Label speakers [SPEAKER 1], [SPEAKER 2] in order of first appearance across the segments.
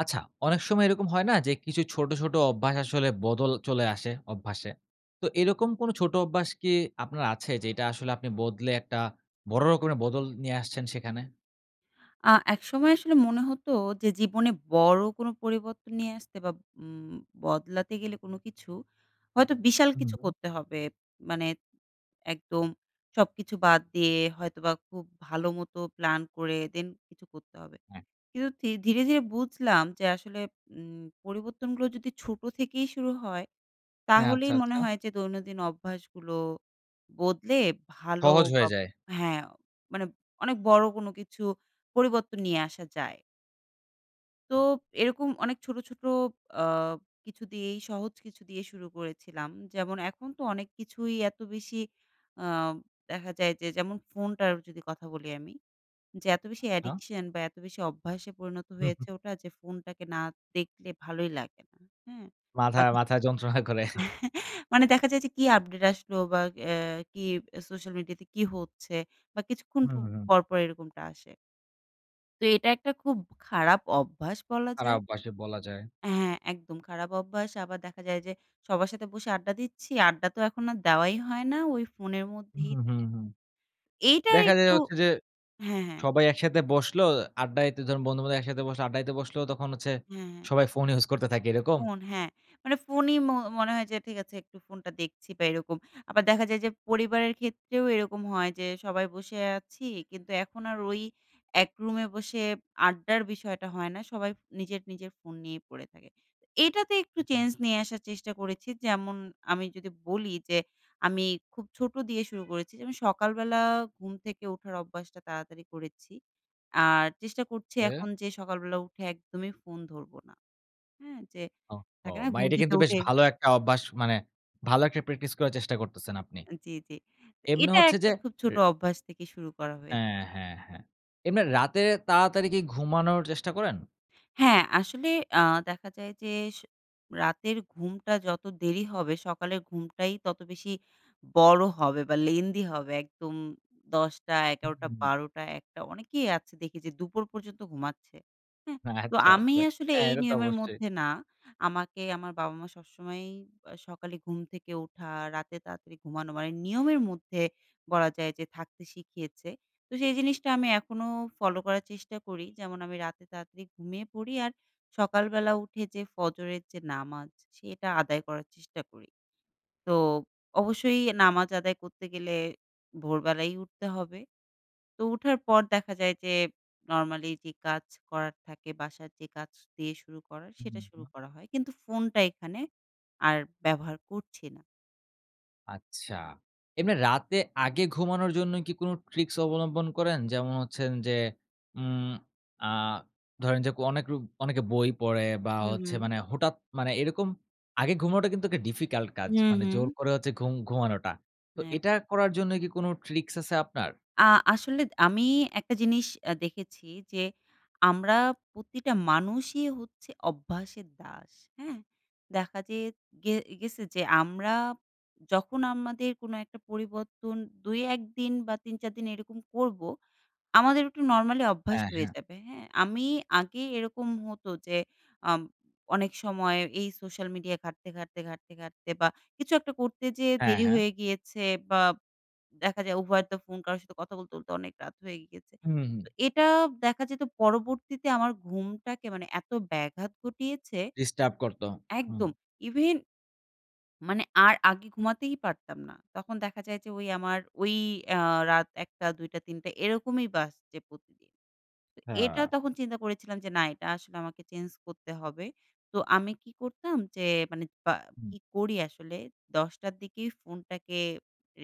[SPEAKER 1] আচ্ছা, অনেক সময় এরকম হয় না যে, কিছু ছোট, ছোট অভ্যাস আসলে বদল চলে আসে, অভ্যাসে? তো এরকম কোনো ছোট অভ্যাস কি আপনার আছে? যেটা আসলে আপনি বদলে একটা বড় রকমের বদল নিয়ে আসছেন সেখানে?
[SPEAKER 2] আ একসময় আসলে মনে হতো যে, জীবনে বড় কোন পরিবর্তন নিয়ে আসতে বা উম বদলাতে গেলে কোন কিছু, হয়তো বিশাল
[SPEAKER 1] হুম
[SPEAKER 2] কিছু
[SPEAKER 1] হু।
[SPEAKER 2] করতে হবে। মানে, একদম সবকিছু বাদ দিয়ে হয়তোবা খুব ভালো মতো প্ল্যান করে then কিছু করতে হবে।
[SPEAKER 1] হ্যাঁ।
[SPEAKER 2] কিন্তু থি ধীরে, ধীরে বুঝলাম যে, আসলে উম পরিবর্তনগুলো যদি ছোট থেকেই শুরু হয়,
[SPEAKER 1] হ্যাঁ। আচ্ছা,
[SPEAKER 2] তাহলেই মনে
[SPEAKER 1] আচ্ছা।
[SPEAKER 2] হয় যে, দৈনন্দিন অভ্যাসগুলো বদলে ভালো
[SPEAKER 1] সহজ হয়ে
[SPEAKER 2] হব
[SPEAKER 1] যায়।
[SPEAKER 2] হ্যাঁ, মানে অনেক বড় কোন কিছু পরিবর্তন নিয়ে আসা যায়। তো, এরকম অনেক ছোটো, ছোটো আ কিছু দিয়েই সহজ কিছু দিয়েই শুরু করেছিলাম। যেমন এখন তো অনেক কিছুই এত বেশি আ দেখা যায় যে, যেমন ফোনটার যদি কথা বলি আমি। যে এত বেশি
[SPEAKER 1] আ
[SPEAKER 2] addiction বা, এত বেশি অভ্যাসে পরিণত
[SPEAKER 1] হু, হু।
[SPEAKER 2] হয়েছে ওটা। যে ফোনটাকে না দেখলে ভালোই লাগে না, হ্যাঁ? বা,
[SPEAKER 1] মাথায়
[SPEAKER 2] কিছ
[SPEAKER 1] মাথায় যন্ত্রণা করে।
[SPEAKER 2] মানে দেখা যায় যে, কি আপডেট আসলো? বা, এ্যা কি এব সোশ্যাল মিডিয়াতে কি হচ্ছে? বা, কিছুক্ষণ
[SPEAKER 1] হুম,
[SPEAKER 2] পো
[SPEAKER 1] হুম, হুম।
[SPEAKER 2] পর, পর এরকমটা আসে। তো এটা একটা খুব খারাপ অভ্যাস বলা
[SPEAKER 1] আর
[SPEAKER 2] যায়।
[SPEAKER 1] অভ্যাসে বলা যায়।
[SPEAKER 2] হ্যাঁ, একদম খারাপ অভ্যাস আবার দেখা যায় যে সবার সাথে বসে আড্ডা দিচ্ছি, আড্ডা তো এখন আর দেওয়াই হয় না ওই phone এর
[SPEAKER 1] হুম,
[SPEAKER 2] মধ্যেই
[SPEAKER 1] হুম, হুম,
[SPEAKER 2] থাকা
[SPEAKER 1] হুম।
[SPEAKER 2] হয়। এইটা
[SPEAKER 1] দেখা যায়
[SPEAKER 2] একটু
[SPEAKER 1] হচ্ছে যে
[SPEAKER 2] হ্যাঁ, হ্যাঁ।
[SPEAKER 1] সবাই একসাথে বসলো, আড্ডা দিতে ধরুন বন্ধু-বান্ধব একসাথে বসলো, আড্ডা দিতে বসলো তখন হচ্ছে
[SPEAKER 2] হ্যাঁ, হ্যাঁ।
[SPEAKER 1] সবাই ফোন use করতে থাকে এরকম?
[SPEAKER 2] phone হ্যাঁ, মানে phone ই ম মনে হয় যে ঠিক আছে একটু phone টা দেখছি বা এরকম। আবার দেখা যায় যে পরিবারের ক্ষেত্রেও এরকম হয় যে সবাই বসে আছি কিন্তু এখন আর ওই এক রুমে বসে আড্ডার বিষয়টা হয় না সবাই নিজের, নিজের phone নিয়েই পড়ে থাকে। এটাতে একটু change নিয়ে আসার চেষ্টা করেছি যেমন আমি যদি বলি যে আমি খুব ছোট দিয়ে শুরু করেছি যে আমি সকালবেলা ঘুম থেকে ওঠার অভ্যাসটা তাড়াতাড়ি করেছি আর চেষ্টা করছি
[SPEAKER 1] হ্যাঁ?
[SPEAKER 2] এখন যে সকালবেলা উঠে একদমই phone ধরবো না। হ্যাঁ? যে
[SPEAKER 1] ওহহো
[SPEAKER 2] থাকে না
[SPEAKER 1] বা
[SPEAKER 2] ঘুম
[SPEAKER 1] এটা
[SPEAKER 2] থেকে
[SPEAKER 1] কিন্তু বেশ
[SPEAKER 2] উঠে
[SPEAKER 1] ভালো একটা অভ্যাস মানে ভালো একটা practice করার চেষ্টা করতেছেন আপনি।
[SPEAKER 2] আ জ্বী, জ্বী।
[SPEAKER 1] এমনি
[SPEAKER 2] এটা
[SPEAKER 1] হচ্ছে
[SPEAKER 2] একটা
[SPEAKER 1] যে
[SPEAKER 2] খুব ছোট
[SPEAKER 1] রে
[SPEAKER 2] অভ্যাস থেকে শুরু করা হয়ে
[SPEAKER 1] হ্যাঁ, হ্যাঁ, হ্যাঁ। এমনি রাতে তাড়াতাড়ি কি ঘুমানোর চেষ্টা করেন?
[SPEAKER 2] হ্যাঁ, আসলে আ দেখা যায় যে স রাতের ঘুমটা যত দেরি হবে সকালের ঘুমটাই তত বেশি বড় হবে বা lengthy হবে একদম 10 টা,
[SPEAKER 1] হুম,
[SPEAKER 2] ১১ টা,
[SPEAKER 1] হুম, হুম।
[SPEAKER 2] ১২ টা, ১ টা অনেকেই আছে দেখে যে দুপুর পর্যন্ত ঘুমাচ্ছে। হ্যাঁ? তো
[SPEAKER 1] আচ্ছা,
[SPEAKER 2] আমি
[SPEAKER 1] আচ্ছা।
[SPEAKER 2] আসলে
[SPEAKER 1] হ্যাঁ
[SPEAKER 2] এই
[SPEAKER 1] এটা তো
[SPEAKER 2] নিয়মের
[SPEAKER 1] অবশ্যই।
[SPEAKER 2] মধ্যে না আমাকে আমার বাবা-মা সবসময়ই বা সকালে ঘুম থেকে ওঠা রাতে তাড়াতাড়ি ঘুমানো মানে নিয়মের মধ্যে বলা যায় যে থাকতে শিখিয়েছে তো সেই জিনিসটা আমি এখনো follow করার চেষ্টা করি যেমন আমি রাতে তাড়াতাড়ি ঘুমিয়ে পড়ি আর সকালবেলা উঠে যে ফজরের যে নামাজ সেটা আদায় করার চেষ্টা করি। তো অবশ্যই নামাজ আদায় করতে গেলে ভোরবেলাই উঠতে হবে। তো উঠার পর দেখা যায় যে normally যে কাজ করার থাকে, বাসার যে কাজ দিয়ে শুরু করার সেটা
[SPEAKER 1] হুম, হুম।
[SPEAKER 2] শুরু করা হয় কিন্তু phone টা এখানে আর ব্যবহার করছি না।
[SPEAKER 1] আচ্ছা। এমনি রাতে আগে ঘুমানোর জন্য কি কোন ট্রিকস অবলম্বন করেন? যেমন হচ্ছেন যে, উম আ ধরেন যে, ক অনেক লোক অনেকে বই পড়ে বা,
[SPEAKER 2] হু,
[SPEAKER 1] হচ্ছে
[SPEAKER 2] হু।
[SPEAKER 1] মানে হঠাৎ মানে এরকম। আগে ঘুমানোটা কিন্তু একটা ডিফিকাল্ট কাজ।
[SPEAKER 2] হু,
[SPEAKER 1] মানে জোর
[SPEAKER 2] হু।
[SPEAKER 1] করে হচ্ছে ঘুম ঘুমানোটা। তো,
[SPEAKER 2] এপ
[SPEAKER 1] এটা করার জন্যই কি কোন ট্রিকস আছে আপনার?
[SPEAKER 2] আ আসলে দ আমি একটা জিনিস অ্যা দেখেছি যে, আমরা প্রতিটা মানুষই হচ্ছে অভ্যাসের দাস। হ্যাঁ? দেখা যে গে গেছে যে, আমরা যখন আমাদের কোনো একটা পরিবর্তন ২ ১ দিন বা, ৩ ৪ দিন এরকম করবো। আমাদের একটু নরমালি অভ্যাস
[SPEAKER 1] হ্যাঁ,
[SPEAKER 2] হয়ে
[SPEAKER 1] হ্যাঁ।
[SPEAKER 2] যাবে। হ্যাঁ? আমি আগে এরকম হতো যে, আম অনেক সময় এই সোশ্যাল মিডিয়া ঘাটতে, ঘাটতে, ঘাটতে, ঘাটতে বা, কিছু একটা করতে যেয়ে
[SPEAKER 1] হ্যাঁ,
[SPEAKER 2] দেরি
[SPEAKER 1] হ্যাঁ।
[SPEAKER 2] হয়ে গিয়েছে। বাব দেখা যায় উভয়ের তো ফোন কারো সাথে কথা বলতে, বলতে অনেক রাত হয়ে গিয়েছে।
[SPEAKER 1] হুম, হুম।
[SPEAKER 2] তো, এটা দেখা যেত পরবর্তীতে আমার ঘুমটাকে মানে এত ব্যাঘাত ঘটিয়েছে
[SPEAKER 1] ডিস্টার্ব করতো। হুম।
[SPEAKER 2] একদম। even মানে আর আগে ঘুমাতেই পারতাম না। তখন দেখা যায় যে, ঔ আমার ঔ এ্যা রাত ০১ঃ০০ ০২ঃ০০ ০৩ঃ০০ এরকমই বাজছে প্রতিদিন। তো এটা
[SPEAKER 1] হ্যাঁ।
[SPEAKER 2] তখন চিন্তা করেছিলাম যে, না এটা আসলে আমাকে চেঞ্জ করতে হবে। তো আমি কি করতাম? যে, মানে বা
[SPEAKER 1] হুম।
[SPEAKER 2] কি করি আসলে? ১০ঃ০০ র দিকেই ফোনটাকে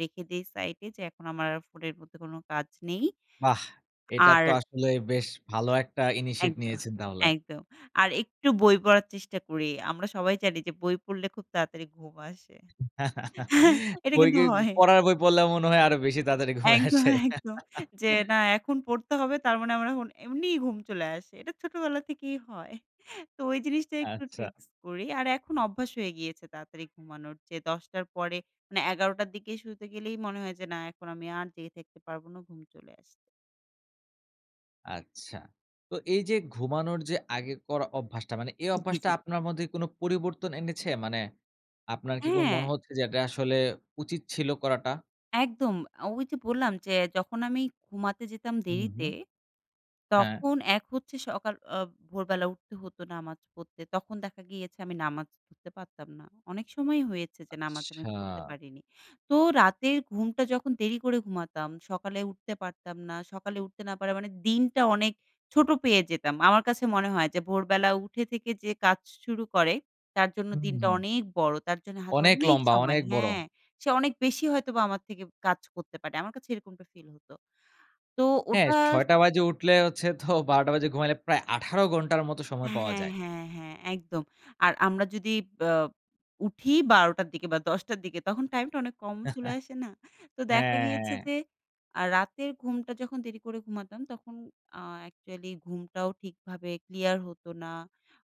[SPEAKER 2] রেখে দেই সাইডে। যে, এখন আমার আর ফোনের মধ্যে কোন কাজ নেই।
[SPEAKER 1] বাহ! এটা তো
[SPEAKER 2] আর
[SPEAKER 1] আসলেই বেশ ভালো একটা initiate
[SPEAKER 2] একদম,
[SPEAKER 1] নিয়েছেন তাহলে।
[SPEAKER 2] একদম। আর একটু বই পড়ার চেষ্টা করি। আমরা সবাই জানি যে, বই পড়লে খুব তাড়াতাড়ি ঘুম আসে। এটা
[SPEAKER 1] বই
[SPEAKER 2] কিন্তু
[SPEAKER 1] কি? ই
[SPEAKER 2] হয়।
[SPEAKER 1] পড়ার বই পড়লে মনে হয় আরো বেশি তাড়াতাড়ি ঘুমে
[SPEAKER 2] একদম,
[SPEAKER 1] আসে?
[SPEAKER 2] একদম। যে, না, এখন পড়তে হবে তার মানে আমার এখন এমনিই ঘুম চলে আসে। এটা ছোটবেলা থেকেই হয়। তো ওই জিনিসটা একটু
[SPEAKER 1] আচ্ছা।
[SPEAKER 2] ট্রিক্স করি। আর এখন অভ্যাস হয়ে গিয়েছে তাড়াতাড়ি ঘুমানোর। যে, ১০ঃ০০ র পরে মানে ১১ঃ০০ র দিকে শুতে গেলেই মনে হয় যে, না এখন আমি আর জেগে থাকতে পারব না। ঘুম চলে আসছে।
[SPEAKER 1] আচ্ছা। তো এইযে ঘুমানোর যে আগের করা অভ্যাসটা মানে এই
[SPEAKER 2] জ্বী,
[SPEAKER 1] অভ্যাসটা
[SPEAKER 2] জ্বী।
[SPEAKER 1] আপনার মধ্যে কোন পরিবর্তন এনেছে? মানে আপনার কি কোন মনে
[SPEAKER 2] হ্যাঁ!
[SPEAKER 1] হচ্ছে যে এটা আসলে উচিত ছিল করাটা?
[SPEAKER 2] একদম। আ ওইযে বললাম যে, "যখন আমি ঘুমাতে যেতাম
[SPEAKER 1] হুম,
[SPEAKER 2] দেরিতে,
[SPEAKER 1] হুম। হ্যাঁ।
[SPEAKER 2] তখন এক হচ্ছে সকাল আ ভোরবেলা উঠতে হতো নামাজ পড়তে তখন দেখা গিয়েছে আমি নামাজ পড়তে পারতাম না। অনেক সময়ই হয়েছে যে নামাজ আমি
[SPEAKER 1] আচ্ছা!
[SPEAKER 2] পড়তে পারিনি। তো রাতের ঘুমটা যখন দেরি করে ঘুমাতাম, সকালে উঠতে পারতাম না, সকালে উঠতে না পারা মানে দিনটা অনেক ছোট পেয়ে যেতাম। আমার কাছে মনে হয় যে ভোরবেলা উঠে থেকে যে কাজ শুরু করে তার জন্য
[SPEAKER 1] হুম,
[SPEAKER 2] দিনটা
[SPEAKER 1] হুম।
[SPEAKER 2] অনেক বড়। তার জন্য হাতে
[SPEAKER 1] অনেক
[SPEAKER 2] অনেক
[SPEAKER 1] লম্বা,
[SPEAKER 2] সময়
[SPEAKER 1] অনেক বড়।
[SPEAKER 2] হ্যাঁ। সে অনেক বেশি হয়তোবা আমার থেকে কাজ করতে পারে। আমার কাছে এরকমটা ফিল হতো। তো
[SPEAKER 1] হ্যাঁ
[SPEAKER 2] ওটা স
[SPEAKER 1] ৬:০০ বাজে উঠলে হচ্ছে তো ১২:০০ বাজে ঘুমাইলে প্রায় ১৮ ঘন্টার মতো সময় পাওয়া
[SPEAKER 2] হ্যাঁ,
[SPEAKER 1] যায়।
[SPEAKER 2] হ্যাঁ, হ্যাঁ, একদম। আর আমরা যদি ব উঠিই ১২:০০ র দিকে বা, ১০:০০ র দিকে তখন টাইমটা অনেক কম চলে আসে না? তো দেখা
[SPEAKER 1] হ্যাঁ,
[SPEAKER 2] গিয়েছে
[SPEAKER 1] হ্যাঁ।
[SPEAKER 2] যে আ রাতের ঘুমটা যখন দেরি করে ঘুমাতাম, তখন আ অ্যাকচুয়ালি ঘুমটাও ঠিকভাবে ক্লিয়ার হতো না,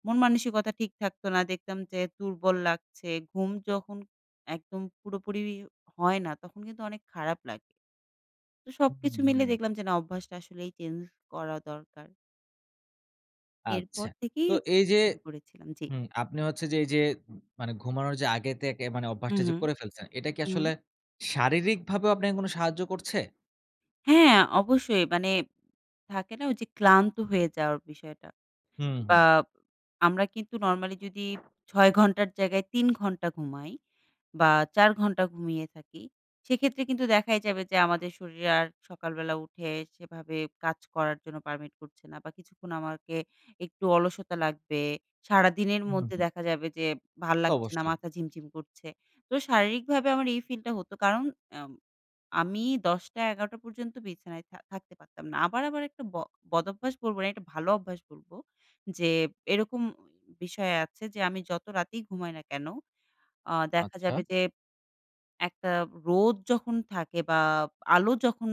[SPEAKER 2] মন মানসিকতা ঠিক থাকতো না। দেখতাম যে দুর্বল লাগছে। ঘুম যখন একদম পুরোপুরিও হয় না, তখন কিন্তু অনেক খারাপ লাগে। তো
[SPEAKER 1] হু,
[SPEAKER 2] সবকিছু
[SPEAKER 1] হুম,
[SPEAKER 2] মিলে
[SPEAKER 1] হুম।
[SPEAKER 2] দেখলাম যে, "না অভ্যাসটা আসলেই চেঞ্জ করা দরকার।"
[SPEAKER 1] আচ্ছা।
[SPEAKER 2] এরপর থেকেই
[SPEAKER 1] তো এই যে
[SPEAKER 2] শুরু করেছিলাম, জ্বি।
[SPEAKER 1] হুম, আপনি হচ্ছে যে, এই যে মানে ঘুমানোর যে আগে থেকে মানে
[SPEAKER 2] হুম,
[SPEAKER 1] অভ্যাসটা
[SPEAKER 2] হুম,
[SPEAKER 1] করে ফেলছেন, এটা কি
[SPEAKER 2] হুম।
[SPEAKER 1] আসলে শারীরিকভাবেও আপনাকে কোন সাহায্য করছে?
[SPEAKER 2] হ্যাঁ অবশ্যই, মানে থাকে না ওই যে ক্লান্ত হয়ে যাওয়ার বিষয়টা।
[SPEAKER 1] হুম,
[SPEAKER 2] বা
[SPEAKER 1] হুম।
[SPEAKER 2] আমরা কিন্তু normally যদি ৬ ঘন্টার জায়গায় ৩ ঘন্টা ঘুমাই বা ৪ ঘণ্টা ঘুমিয়ে থাকি, সেক্ষেত্রে কিন্তু দেখাই যাবে যে আমাদের শরীরে আর সকালবেলা উঠে সেভাবে কাজ করার জন্য permit করছে না বা কিছুক্ষণ আমাকে একটু অলসতা লাগবে। সারাদিনের
[SPEAKER 1] হুম,
[SPEAKER 2] মধ্যে
[SPEAKER 1] হুম।
[SPEAKER 2] দেখা যাবে যে ভাল্লাগছে না,
[SPEAKER 1] অবশ্যই।
[SPEAKER 2] মাথা ঝিমঝিম করছে। তো শারীরিকভাবে আমার এই feel টা হতো কারণ আম আমি ১০ টা, ১১ টা পর্যন্ত বিছানায় থা থাকতে পারতাম না। আবার আমার একটা ব বদভ্যাস বলব না একটা ভালো অভ্যাস বলবো যে এরকম বিষয় আছে যে আমি যত রাতেই ঘুমাই না কেন আ দেখা
[SPEAKER 1] আচ্ছা।
[SPEAKER 2] যাবে যে একটা রোদ যখন থাকে বা আলো যখন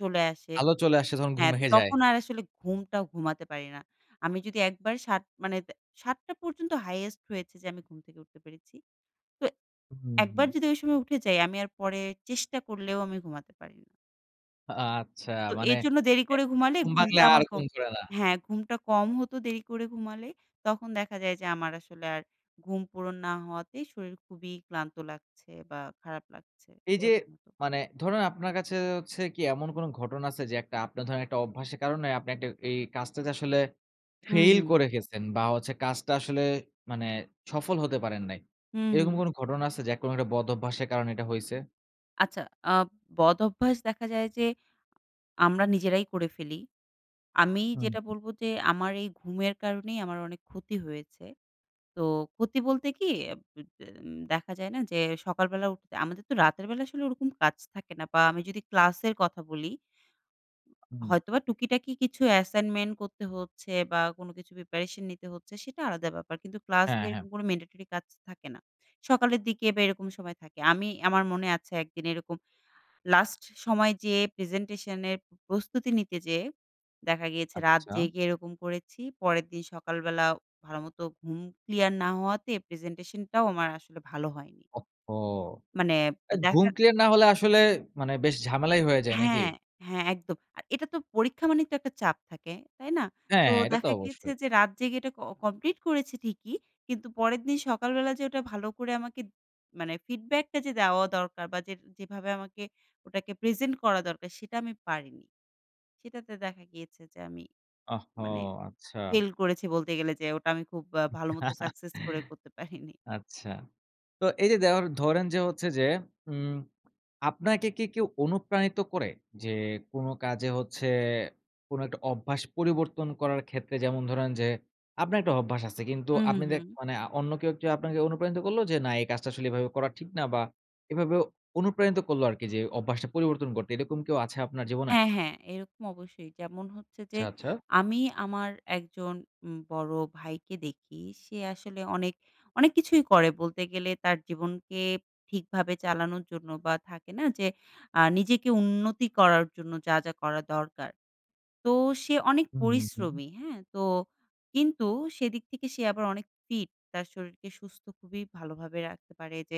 [SPEAKER 2] চলে আসে
[SPEAKER 1] আলো চলে আসে তখন ঘুম
[SPEAKER 2] হ্যাঁ,
[SPEAKER 1] ভেঙ্গে যায়।
[SPEAKER 2] তখন আর আসলে ঘুমটা ঘুমাতে পারি না। আমি যদি একবার ৭ মানে দে ৭ টা পর্যন্ত highest হয়েছে যে আমি ঘুম থেকে উঠতে পেরেছি। তো
[SPEAKER 1] উ হুম,
[SPEAKER 2] একবার
[SPEAKER 1] হুম।
[SPEAKER 2] যদি ঐ সময় উঠে যাই আমি আর পরে চেষ্টা করলেও আমি ঘুমাতে পারি না।
[SPEAKER 1] আ আচ্ছা
[SPEAKER 2] তো
[SPEAKER 1] মানে
[SPEAKER 2] এর জন্য দেরি করে
[SPEAKER 1] ১ বার
[SPEAKER 2] ঘুমালে
[SPEAKER 1] ঘুম ভাঙলে
[SPEAKER 2] ঘুমটা আমার
[SPEAKER 1] আর ঘুম
[SPEAKER 2] কম
[SPEAKER 1] ধরে না?
[SPEAKER 2] হ্যাঁ, ঘুমটা কম হতো দেরি করে ঘুমালে। তখন দেখা যায় যে আমার আসলে আর ঘুম পূরণ না হওয়াতেই শরীল খুবই ক্লান্ত লাগছে বা খারাপ লাগছে।
[SPEAKER 1] এইযে
[SPEAKER 2] এরকম হত।
[SPEAKER 1] মানে ধরুন আপনার কাছে হচ্ছে কী এমন কোনো ঘটনা আছে? যে একটা আপনার ধরেন একটা অভ্যাসের কারণে আপনি একটা এই কাজটাতে আসলে ফেইল
[SPEAKER 2] উম-হুম।
[SPEAKER 1] করে গেছেন বা হচ্ছে কাজটা আসলে মানে সফল হতে পারেন নাই।
[SPEAKER 2] হুম,
[SPEAKER 1] এরকম
[SPEAKER 2] হুম।
[SPEAKER 1] কোনো ঘটনা আছে যে অ্যা কোনো একটা বদঅভ্যাসের কারণে এটা হইছে?
[SPEAKER 2] আচ্ছা আ বদঅভ্যাস দেখা যায় যে আমরা নিজেরাই করে ফেলি। আমি
[SPEAKER 1] হুম,
[SPEAKER 2] যেটা
[SPEAKER 1] হুম।
[SPEAKER 2] বলবো যে আমার এই ঘুমের কারণেই আমার অনেক ক্ষতি হয়েছে। তো ক্ষতি বলতে কী? অ্যা [unintelligible] তেম দেখা যায় না যে সকাল বেলা উঠতে আমাদের তো রাতের বেলা আসলে ওরকম কাজ থাকে না বা আমি যদি ক্লাসের কথা বলি
[SPEAKER 1] হুম।
[SPEAKER 2] হয়তোবা টুকিটাকি কিছু অ্যাসাইনমেন্ট করতে হচ্ছে বা কোনো কিছু প্রিপারেশন নিতে হচ্ছে সেটা আলাদা ব্যাপার। কিন্তু
[SPEAKER 1] হ্যাঁ,
[SPEAKER 2] ক্লাসের
[SPEAKER 1] হ্যাঁ।
[SPEAKER 2] কোনো ম্যান্ডেটরি কাজ থাকে না। সকালের দিকে বা এরকম সময় থাকে। আমি আমার মনে আছে একদিন এরকম লাস্ট সময় যেয়ে প্রেজেন্টেশনের প্রস্তুতি নিতে যেয়ে দেখা গিয়েছে রাত
[SPEAKER 1] আচ্ছা।
[SPEAKER 2] জেগে এরকম করেছি। পরের দিন সকালবেলা ভালোমতো ঘুম ক্লিয়ার না হওয়াতে প্রেজেন্টেশনটাও আমার আসলে ভালো হয়নি।
[SPEAKER 1] ওহো!
[SPEAKER 2] মানে তো
[SPEAKER 1] অ্যা ঘুম
[SPEAKER 2] দেখার
[SPEAKER 1] ক্লিয়ার না হলে আসলে মানে বেশ ঝামেলাই হয়ে যায় নাকি?
[SPEAKER 2] হ্যাঁ, হ্যাঁ, একদম। আর এটা তো পরীক্ষা মানেই তো একটা চাপ থাকে, তাই না?
[SPEAKER 1] হ্যাঁ,
[SPEAKER 2] তো
[SPEAKER 1] হ্যাঁ এটা তো
[SPEAKER 2] দেখা গিয়েছে
[SPEAKER 1] অবশ্যই।
[SPEAKER 2] যে রাত জেগে এটা ক কমপ্লিট করেছি ঠিকই কিন্তু পরের দিন সকালবেলা যে ওটা ভালো করে আমাকে মানে ফিডব্যাকটা যে দেওয়া দরকার বা যেটা যেভাবে আমাকে ওটাকে প্রেজেন্ট করা দরকার সেটা আমি পারিনি। সেটাতে দেখা গিয়েছে যে আমি
[SPEAKER 1] ওহো!
[SPEAKER 2] মানে
[SPEAKER 1] আচ্ছা।
[SPEAKER 2] ফেইল করেছি বলতে গেলে যে ওটা আমি খুব আ ভালো মতো সাকসেস করে করতে পারিনি।
[SPEAKER 1] আচ্ছা। তো এইযে দেওয়ার ধরেন যে হচ্ছে যে উম আপনাকে কী কেউ অনুপ্রাণিত করে? যে কোনো কাজে হচ্ছে কোনো একটা অভ্যাস পরিবর্তন করার ক্ষেত্রে যেমন ধরেন যে আপনার একটা অভ্যাস আছে কিন্তু
[SPEAKER 2] হুম, হুম,
[SPEAKER 1] আপনি দে
[SPEAKER 2] হুম।
[SPEAKER 1] মানে আ অন্য কেউ আপনাকে অনুপ্রানিত করলো যে না এই কাজটা আসলে এভাবে করা ঠিক না বা এভাবেও অনুপ্রাণিত করলো আরকি যে অভ্যাসটা পরিবর্তন করতে। এরকম কেউ আছে আপনার জীবনে?
[SPEAKER 2] হ্যাঁ, হ্যাঁ, এরকম অবশ্যই যেমন হচ্ছে যে
[SPEAKER 1] আচ্ছা, আচ্ছা।
[SPEAKER 2] আমি আমার একজন উম বড়ো ভাইকে দেখি সে আসলে অনেক, অনেক কিছুই করে বলতে গেলে তার জীবনকে ঠিকভাবে চালানোর জন্য বা থাকে না? যে আ নিজেকে উন্নতি করার জন্য যা, যা করা দরকার। তো সে অনেক
[SPEAKER 1] হুম, হুম।
[SPEAKER 2] পরিশ্রমী হ্যাঁ? তো কিন্তু সেদিক থেকে সে আবার অনেক ফিট তার শরীরকে সুস্থ খুবই ভালোভাবে রাখতে পারে। যে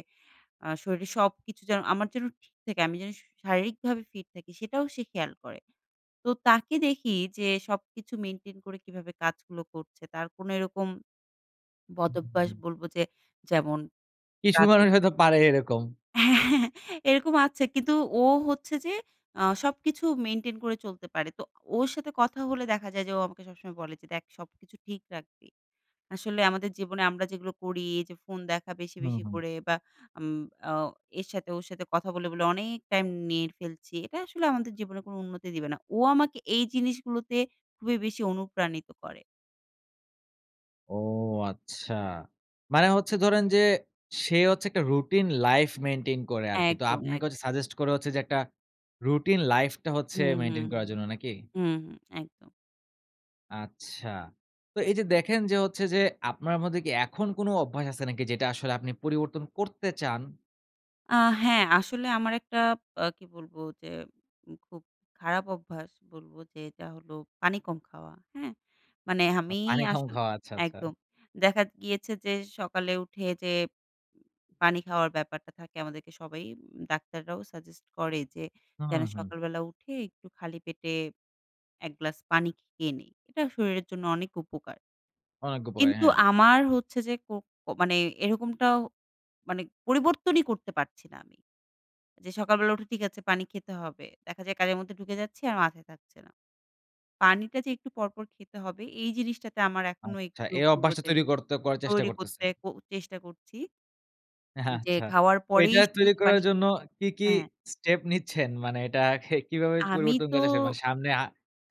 [SPEAKER 2] আ শরীরে সবকিছু যেন আমার যেন ঠিক থাকে। আমি যেন শু শারীরিকভাবে ফিট থাকি, সেটাও সে খেয়াল করে। তো তাকে দেখি যে সবকিছু মেইনটেইন করে কীভাবে কাজগুলো করছে? তার কোনো এরকম
[SPEAKER 1] হুম, হুম,
[SPEAKER 2] বদভ্যাস
[SPEAKER 1] হুম।
[SPEAKER 2] বলব যে যেমন
[SPEAKER 1] কিছু
[SPEAKER 2] রাতের
[SPEAKER 1] মানুষ হয়তো পারে এরকম।
[SPEAKER 2] হ্যাঁ এরকম আছে কিন্তু ও হচ্ছে যে আ সবকিছু মেইনটেইন করে চলতে পারে। তো ওর সাথে কথা হলে দেখা যায় যে ও আমাকে সবসময় বলে যে, "দেখ সবকিছু ঠিক রাখবি। আসলে আমাদের জীবনে আমরা যেগুলো করি এইযে ফোন দেখা বেশি,
[SPEAKER 1] হুম,
[SPEAKER 2] বেশি
[SPEAKER 1] হুম।
[SPEAKER 2] করে বা উম অ এর সাথে ওর সাথে কথা বলে, বলে অনেক টাইম নিয়ে ফেলছি। এটা আসলে আমাদের জীবনে কোনো উন্নতি দিবে না।" ও আমাকে এই জিনিসগুলোতে খুবই বেশি অনুপ্রাণিত করে।
[SPEAKER 1] ও, আচ্ছা। মানে হচ্ছে ধরেন যে, সে হচ্ছে একটা রুটিন লাইফ মেইনটেইন করে আরকি। তো
[SPEAKER 2] একদম,
[SPEAKER 1] আপনাকে
[SPEAKER 2] এক
[SPEAKER 1] হচ্ছে সাজেস্ট করে হচ্ছে যে, একটা রুটিন লাইফটা হচ্ছে,
[SPEAKER 2] হুম, হুম,
[SPEAKER 1] মেইনটেইন করার
[SPEAKER 2] হুম।
[SPEAKER 1] জন্য। নাকি?
[SPEAKER 2] হুম, হুম। একদম।
[SPEAKER 1] আচ্ছা। তো, এইযে দেখেন যে হচ্ছে যে আপনার মধ্যে কি এখন কোন অভ্যাস আছে নাকি যেটা আসলে আপনি পরিবর্তন করতে চান?
[SPEAKER 2] আ হ্যাঁ। আসলে আমার একটা আ কি বলবো? যে, উম খুব খারাপ অভ্যাস বলবো যেটা হলো পানি কম খাওয়া। হ্যাঁ? মানে
[SPEAKER 1] অ
[SPEAKER 2] আমি
[SPEAKER 1] পানি কম
[SPEAKER 2] আসলে
[SPEAKER 1] খাওয়া। আচ্ছা, আচ্ছা।
[SPEAKER 2] একদম। দেখা দ গিয়েছে যে, সকালে উঠে পানি খাওয়ার ব্যাপারটা থাকে আমাদেরকে সবাই উ ডাক্তাররাও সাজেস্ট করে যে যেন
[SPEAKER 1] হুম, হুম।
[SPEAKER 2] সকাল বেলা উঠে একটু খালি পেটে এক গ্লাস পানি খেয়ে নিই। এটা শরীরের জন্য অনেক উপকার।
[SPEAKER 1] অনেক উপকারি।
[SPEAKER 2] কিন্তু
[SPEAKER 1] হ্যাঁ।
[SPEAKER 2] আমার হচ্ছে যে, কো কো মানে এরকমটাও মানে পরিবর্তনই করতে পারছি না আমি। যে সকাল বেলা উঠে ঠিক আছে, পানি খেতে হবে। দেখা যায় কাজের মধ্যে ঢুকে যাচ্ছি, আর মাথায় থাকছে না। পানিটা যে একটু পর, পর খেতে হবে, এই জিনিসটাতে আমার এখনো
[SPEAKER 1] আচ্ছা,
[SPEAKER 2] একটু
[SPEAKER 1] এই অভ্যাসটা
[SPEAKER 2] পূর্বতে
[SPEAKER 1] তৈরি করতে করার চেষ্টা
[SPEAKER 2] তৈরী করতে
[SPEAKER 1] করতেছেন?
[SPEAKER 2] ক চেষ্টা করছি।
[SPEAKER 1] এহা
[SPEAKER 2] উম যে
[SPEAKER 1] আচ্ছা।
[SPEAKER 2] খাওয়ার
[SPEAKER 1] তো
[SPEAKER 2] পরেই
[SPEAKER 1] এটা
[SPEAKER 2] শুধু
[SPEAKER 1] তৈরি
[SPEAKER 2] যে
[SPEAKER 1] করার
[SPEAKER 2] পানি
[SPEAKER 1] জন্য
[SPEAKER 2] খেতে
[SPEAKER 1] কি, কি
[SPEAKER 2] হ্যাঁ, হ্যাঁ।
[SPEAKER 1] স্টেপ নিচ্ছেন? মানে, এটাকে কিভাবে জ
[SPEAKER 2] আমি
[SPEAKER 1] পরিবর্তন
[SPEAKER 2] তো
[SPEAKER 1] করার চেষ্টা মানে, সামনে আ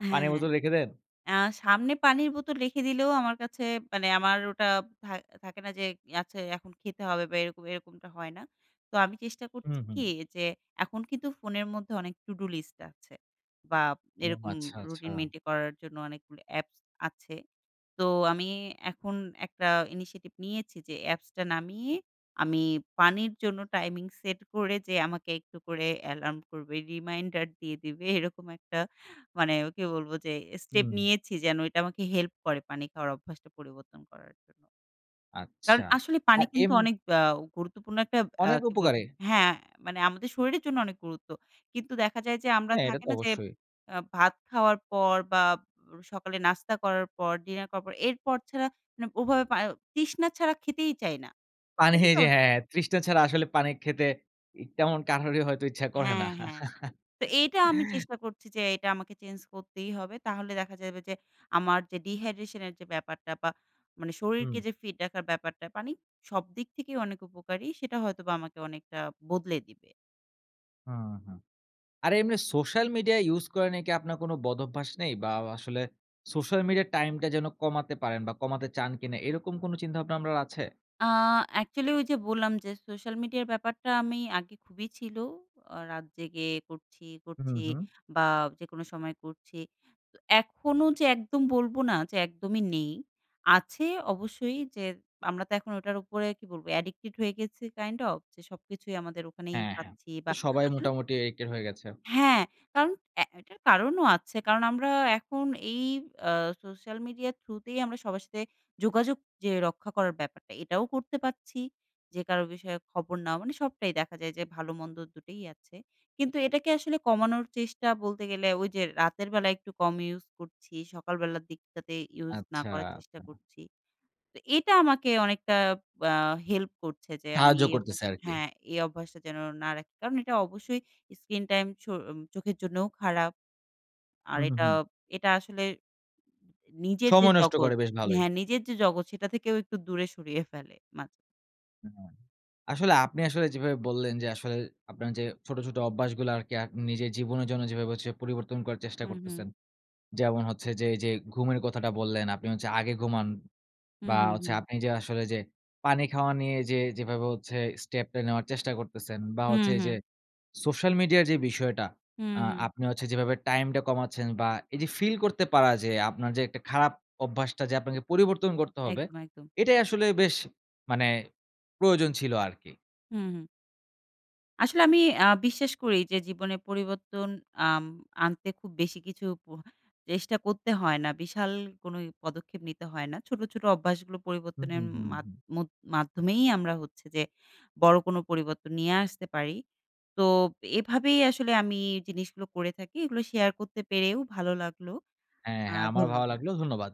[SPEAKER 2] আ হ্যাঁ,
[SPEAKER 1] পানির
[SPEAKER 2] হ্যাঁ।
[SPEAKER 1] বোতল রেখে দেন?
[SPEAKER 2] আ সামনে পানির বোতল রেখে দিলেও আমার কাছে মানে আমার ওটা থা থাকে না? যে, আচ্ছা এখন খেতে হবে বা, এরকম এরকমটা হয় না। তো, আমি চেষ্টা
[SPEAKER 1] হুম,
[SPEAKER 2] করছি
[SPEAKER 1] হুম।
[SPEAKER 2] কি যে, এখন কিন্তু ফোনের মধ্যে অনেক to do list আছে। বা,
[SPEAKER 1] ও।
[SPEAKER 2] এরকম
[SPEAKER 1] আচ্ছা, আচ্ছা।
[SPEAKER 2] রুটিন মেইনটেইন করার জন্য অনেকগুলো অ্যাপস আছে। তো, আমি এখন একটা initiative নিয়েছি যে, অ্যাপসটা নামিয়ে আমি পানির জন্য টাইমিং সেট করে যে আমাকে একটু করে অ্যালার্ম করবে, রিমাইন্ডার দিয়ে দিবে, এরকম একটা মানে ওকে বলবো যে, স্টেপ
[SPEAKER 1] হুম।
[SPEAKER 2] নিয়েছি যেন এটা আমাকে হেল্প করে, পানি খাওয়ার অভ্যাসটা পরিবর্তন করার জন্য। কারণ,
[SPEAKER 1] আচ্ছা।
[SPEAKER 2] আসলে পানি
[SPEAKER 1] আর
[SPEAKER 2] কিন্তু
[SPEAKER 1] এম
[SPEAKER 2] অনেক আ গুরুত্বপূর্ণ একটা আ
[SPEAKER 1] অনেক
[SPEAKER 2] কি বলবো
[SPEAKER 1] উপকারি।
[SPEAKER 2] হ্যাঁ, মানে আমাদের শরীরের জন্য অনেক গুরুত্ব। কিন্তু দেখা যায় যে, আমরা
[SPEAKER 1] হ্যাঁ, এটা
[SPEAKER 2] থাকে
[SPEAKER 1] তো
[SPEAKER 2] না যে,
[SPEAKER 1] অবশ্যই।
[SPEAKER 2] আব ভাত খাওয়ার পর বা, অ সকালে নাস্তা করার পর, ডিনার করার পর এরপর ছাড়া নাব ওভাবে পা য় তৃষ্ণা ছাড়া খেতেই চাই না।
[SPEAKER 1] পানি
[SPEAKER 2] এটা কিন্তু
[SPEAKER 1] এইযে
[SPEAKER 2] আমাদে
[SPEAKER 1] হ্যাঁ, হ্যাঁ। তৃষ্ণা ছাড়া আসলে পানি খেতে ই তেমন কারোরই হয়তো ইচ্ছা করে না।
[SPEAKER 2] হ্যাঁ, হ্যাঁ। তো, এটা আমি চেষ্টা করছি যে, এটা আমাকে চেঞ্জ করতেই হবে। তাহলে দেখা যাবে যে, আমার যে dyhydration এর যে ব্যাপারটা বা, মানে শরীরকে
[SPEAKER 1] হুম।
[SPEAKER 2] যে ফিট রাখার ব্যাপারটা, পানি সবদিক থেকেই অনেক উপকারী। সেটা হয়তোবা আমাকে অনেকটা বদলে দিবে।
[SPEAKER 1] হুম, হুম। আর এমনি social media use করা নিয়ে কি আপনার কোন বদভ্যাস নেই? বা আও আসলে social media time টা যেন কমাতে পারেন বা কমাতে চান কিনা এরকম কোনো চিন্তাভাবনা আপনার আছে?
[SPEAKER 2] আ actually ওই যে বললাম যে, Social media র ব্যাপারটা আমি আগে খুবই ছিল, আ রাত জেগে করছি, করছি
[SPEAKER 1] হুম, হুম।
[SPEAKER 2] বা যেকোনো সময় করছি। তো এখনো যে একদম বলবো না যে একদমই নেই, আছে অবশ্যই যে আমরা তো এখন ওটার উপরে কি বলবো addicted হয়ে গেছি kind of। যে সবকিছুই আমাদের ওখানেই
[SPEAKER 1] হ্যাঁ, হ্যাঁ।
[SPEAKER 2] পাচ্ছি বা
[SPEAKER 1] তো সবাই
[SPEAKER 2] আসলে
[SPEAKER 1] মোটামুটি addicted হয়ে গেছে।
[SPEAKER 2] হ্যাঁ, কারণ এ এটার কারণও আছে। কারণ আমরা এখন এই আ social media through তেই আমরা সবার সাথে যোগাযোগ যে রক্ষা করার ব্যাপারটা এটাও করতে পারছি, যে কারো বিষয়ে খবর নেওয়া মানে সবটাই দেখা যায় যে ভালো মন্দ দুটোই আছে কিন্তু এটাকে আসলে কমানোর চেষ্টা বলতে গেলে ওই যে রাতের বেলায় একটু কম use করছি সকালবেলার দিকটাতে use না
[SPEAKER 1] আচ্ছা।
[SPEAKER 2] করার চেষ্টা করছি। তো এটা আমাকে অনেকটা আ help করছে যে আমি
[SPEAKER 1] সাহায্য
[SPEAKER 2] এই অভ্যাস
[SPEAKER 1] করতেসে আরকি।
[SPEAKER 2] হ্যা, এই অভ্যাসটা যেন না রাখি। কারণ এটা অবশ্যই screen টাইম চো উম চোখের জন্যও খারাপ। আর
[SPEAKER 1] হুম, হুম,
[SPEAKER 2] এটা,
[SPEAKER 1] হুম।
[SPEAKER 2] এটা আসলে নিজের যে
[SPEAKER 1] সময় নষ্ট
[SPEAKER 2] জগৎ
[SPEAKER 1] করে, বেশ ভালই।
[SPEAKER 2] হ্যা নিজের যে জগৎ সেটা থেকেও একটু দূরে সরিয়ে ফেলে মাঝে।
[SPEAKER 1] হু, হু আসলে আপনি আসলে যেভাবে বললেন যে আসলে আপনার যে ছোট, ছোট অভ্যাসগুলো আরকি আক নিজের জীবনের জন্য যেভাবে হচ্ছে পরিবর্তন করার চেষ্টা
[SPEAKER 2] হুম, হুম।
[SPEAKER 1] করতেছেন। যেমন হচ্ছে যে এই যে ঘুমের কথাটা বললেন, আপনি হচ্ছে আগে ঘুমান
[SPEAKER 2] হুম,
[SPEAKER 1] বা
[SPEAKER 2] হুম,
[SPEAKER 1] হচ্ছে
[SPEAKER 2] হুম।
[SPEAKER 1] আপনি যে আসলে যে পানি খাওয়া নিয়ে যে যেভাবে হচ্ছে যে step টা নেওয়ার চেষ্টা করতেছেন, বা
[SPEAKER 2] হুম,
[SPEAKER 1] হচ্ছে এই
[SPEAKER 2] হুম।
[SPEAKER 1] যে social media এর যে বিষয়টা
[SPEAKER 2] হুম,
[SPEAKER 1] আ
[SPEAKER 2] হুম।
[SPEAKER 1] আপনি হচ্ছে যেভাবে time টা কমাচ্ছেন, বা এই যে feel করতে পারা যে আপনার যে একটা খারাপ অভ্যাসটা যে আপনাকে পরিবর্তন করতে হবে।
[SPEAKER 2] একদম, একদম।
[SPEAKER 1] এটাই আসলে বেশ মানে প্রয়োজন ছিল আরকি।
[SPEAKER 2] হুম, হুম। আসলে আমি আ বিশ্বাস করি যে জীবনে পরিবর্তন আম আনতে খুব বেশি কিছু প চেষ্টা করতে হয় না। বিশাল কোনোই পদক্ষেপ নিতে হয় না। ছোট, ছোট অভ্যাসগুলো
[SPEAKER 1] হুম,
[SPEAKER 2] পরিবর্তনের
[SPEAKER 1] হুম,
[SPEAKER 2] উম
[SPEAKER 1] হুম,
[SPEAKER 2] মাধ
[SPEAKER 1] হুম।
[SPEAKER 2] মধ মাধ্যমেই আমরা হচ্ছে যে বড় কোন পরিবর্তন নিয়ে আসতে পারি। তো এভাবেই আসলে আমি জিনিসগুলো করে থাকি। এগুলো share পেরেও ভালো লাগলো।
[SPEAKER 1] হ্যাঁ,
[SPEAKER 2] আ
[SPEAKER 1] হ্যাঁ আমারও ভালো
[SPEAKER 2] ধন্যবাদ।
[SPEAKER 1] লাগলো ধন্যবাদ।